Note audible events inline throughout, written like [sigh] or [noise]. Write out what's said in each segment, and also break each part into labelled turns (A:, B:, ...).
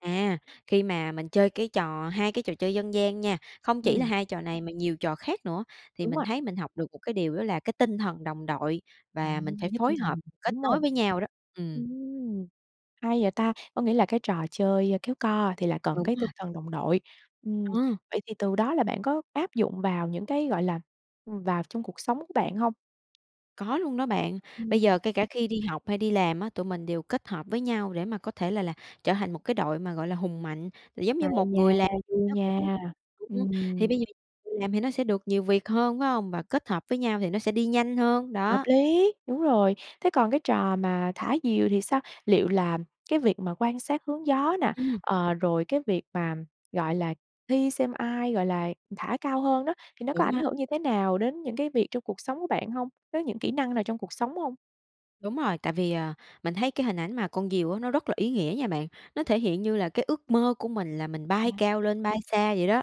A: À, khi mà mình chơi cái trò 2 cái trò chơi dân gian nha, không chỉ là
B: Ừm.
A: 2 trò này mà nhiều trò khác nữa, thì
B: Đúng
A: mình
B: rồi.
A: thấy mình học được một cái điều đó là cái tinh thần đồng đội
B: À,
A: và mình phải
B: đã giúp tinh
A: phối
B: thần,
A: hợp, kết
B: đúng hông?
A: nối với nhau đó, ừm.
B: Ừm, hay vậy ta. Có nghĩa là cái trò chơi kéo co thì là cần
A: Đúng
B: cái tinh
A: rồi.
B: thần đồng đội, ừm.
A: Ờ.
B: Vậy thì từ đó là bạn có áp dụng vào những cái, gọi là, ừm, vào trong cuộc sống của bạn hông?
A: Có luôn đó bạn. Bây
B: Ừm.
A: giờ kể cả khi đi học hay đi làm á, tụi mình đều kết hợp với nhau để mà có thể là là trở thành một cái đội mà, gọi là, hùng mạnh. Giống như,
B: Hay
A: một
B: nha,
A: người làm
B: vui
A: nó
B: nha,
A: cũng thì
B: ừm.
A: bây giờ người làm thì nó sẽ được nhiều việc hơn, phải hông? Và kết hợp với nhau thì nó sẽ đi nhanh hơn,
B: Hợp
A: đó.
B: lý, đúng rồi. Thế còn cái trò mà thả diều thì sao? Liệu là cái việc mà quan sát hướng gió nè,
A: Ừm.
B: ờ, rồi cái việc mà, gọi là, thi xem ai, gọi là, thả cao hơn đó, thì nó có
A: Đúng
B: ảnh
A: á.
B: hưởng như thế nào đến những cái việc trong cuộc sống của bạn hông? Với những kỹ năng nào trong cuộc sống hông?
A: Đúng rồi. Tại vì, à, mình thấy cái hình ảnh mà con diều á nó rất là ý nghĩa nha bạn. Nó thể hiện như là cái ước mơ của mình là mình bay
B: À.
A: cao lên, bay xa vậy đó.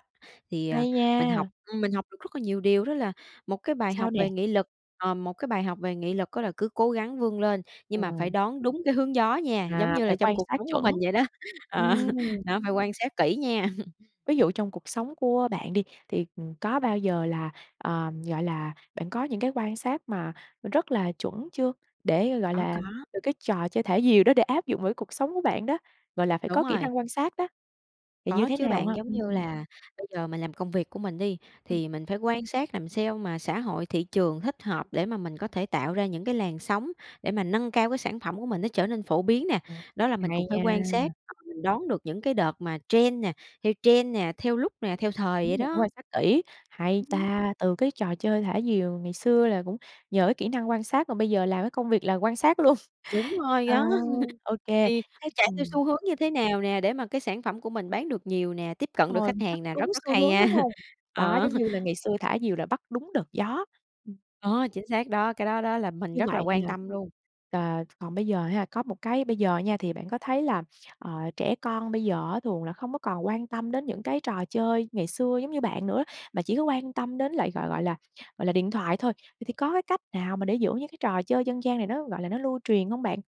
A: Thì, à,
B: Hay
A: mình học
B: nha.
A: ừm, mình học được rất là nhiều điều, đó là một cái bài
B: Sao
A: học
B: nè?
A: về nghị lực ờ, một cái bài học về nghị lực á là cứ cố gắng vươn lên, nhưng
B: Ờ.
A: mà phải đón đúng cái hướng gió nha, giống
B: À,
A: như
B: phải
A: là trong
B: quan
A: cuộc
B: sát
A: sống của
B: chuẩn.
A: mình vậy đó. Ờ,
B: Ừm.
A: đó, phải quan sát kỹ nha! [chuckles]
B: Ví dụ trong cuộc sống của bạn đi, thì, ừm, có bao giờ là, ờm, gọi là, bạn có những cái quan sát mà rất là chuẩn chưa? Để, gọi
A: Có,
B: là,
A: có.
B: từ cái trò chơi thả diều đó để áp dụng với cái cuộc sống của bạn đó, gọi là, phải
A: Đúng
B: có kỹ
A: rồi.
B: năng quan sát đó, thì như
A: Có
B: thế
A: chứ
B: nào
A: bạn.
B: ha?
A: Giống như
B: Ừm.
A: là bây giờ mình làm công việc của mình đi,
B: Ừm.
A: thì mình phải quan sát làm sao mà xã hội, thị trường thích hợp để mà mình có thể tạo ra những cái làn sóng để mà nâng cao cái sản phẩm của mình nó trở nên phổ biến nè.
B: Ồ!
A: Đó là mình
B: Hay
A: cũng phải quan
B: nha!
A: sát và mình đón được những cái đợt mà trend nè theo trend nè, theo lúc nè, theo thời vậy
B: Đúng rồi, phải
A: đó.
B: quan sát kỹ. Hay
A: Ừm hưm.
B: ta! Từ cái trò chơi thả diều ngày xưa là cũng nhờ cái kỹ năng quan sát mà bây giờ làm cái công việc là quan sát luôn!
A: Đúng rồi
B: Ờ,
A: đó.
B: ô
A: [chuckles]
B: kê,
A: Thì
B: thế
A: chạy theo
B: ừm.
A: xu hướng như thế nào nè để mà cái sản phẩm của mình bán được nhiều nè, tiếp cận được
B: Rồi,
A: khách
B: bắt
A: hàng nè.
B: đúng
A: Rất rất
B: xu
A: hay
B: hướng,
A: nha.
B: đúng hông? Đó,
A: Ờ!
B: giống như là ngày xưa thả diều là bắt đúng đợt gió, ừm.
A: Ờ, chính xác đó. Cái đó đó là mình
B: Như
A: rất là
B: vậy
A: quan
B: là
A: tâm luôn.
B: ờ, t còn bây giờ ha, có một cái bây giờ nha thì bạn có thấy là, ờ, trẻ con bây giờ á thường là không có còn quan tâm đến những cái trò chơi ngày xưa giống như bạn nữa, mà chỉ có quan tâm đến lại, gọi gọi là gọi là, điện thoại thôi. Vậy thì có cái cách nào mà để giữ những cái trò chơi dân gian này nó, gọi là, nó lưu truyền hông bạn?